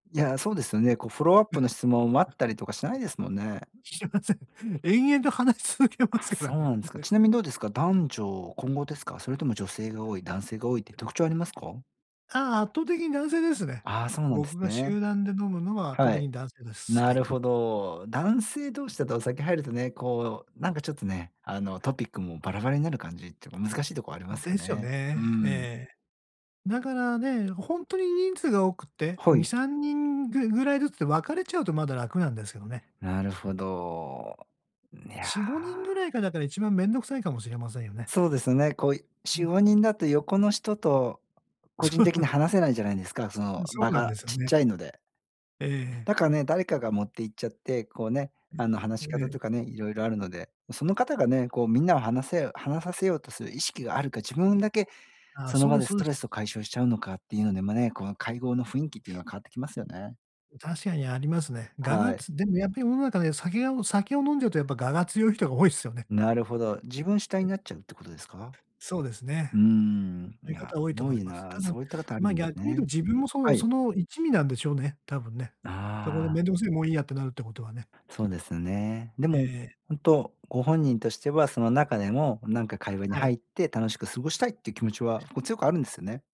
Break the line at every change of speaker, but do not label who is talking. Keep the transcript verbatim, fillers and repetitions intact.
いや、そうですよね。こうフォローアップの 質問、待ったりとかしないですもんね。
してません。延々と話し続けま
あ、
すか
そ
ら
う
ね。
なんですか。
ね。
ちなみにどうですか？男女混合ですか？それとも女性が多い、男性が多いって特徴ありますか？
ああ、圧倒的に男性ですね。
ああ、そうなんで
僕
す
が
ね。
集団で飲むのは、圧倒
は
的
い。
に男性です。
な
はい。
るほど。男性同士だと、お酒入るとね、こうなんかちょっとね、あのトピックもバラバラになる感じっていうか難しいとこありま
ん、
すよ
ですよ
ね。う
ね。
ん。
ええ。だからね、ほんとに人数が多くって、
は
に
い。
さんにんぐぐらいずつで分かれちゃうと、まだ楽なんですけどね。
なるほど。ね、いや。
しごにんぐらいが、だから一番面倒くさいかもしれませんよね。
そうですよね。こう
う
し
ん。
ごにんだと、横の人と個人
そう。
的に話せないじゃないですか。そ
う
の、
ん、そ
場
うなんで
が
すよ
ちっ
ね。
ちゃいので。
ええええ。
だからね、誰かが持って行っちゃって、こうね、
え、
あの話
え
し
ええ
方と
え。
かね、いろいろあるので。その方がね、こうみんなを話せよ話させようとする意識があるか、自分だけ
あ、
その
そう
場
で
で
すそ
ス
う
ト
で
レ
す。
スを解消しちゃうのか、っていうのでもね、この会合の雰囲気っていうのは、変わってきますよね。
ん、確かにありますね。我
は
が
い。
つでもやっぱり世の中で、酒が酒を飲んじゃうと、やっぱ我が強い人が多いすよね。
なるほど。自分主体
え。
になっちゃうってことですか？
そうですね。
うーん。い
いう
や、
方は多いと
ぼ
思い
い
ます。
な。
ただ、
そういったかたある
ま、
んです
逆に言うと、
ね。
自分もそ
は
う
い。
その一味なんでしょうね、多分ね。そこで
ああ。
面倒くせえ、もういいやってなるってことはね。
そうですね。で
ええ
も
ええ。
本当、ご本人としては、その中でもなんか会話に
は
入
い。
って、楽しく過ごしたいって気持ちは、こう強くあるんですよね。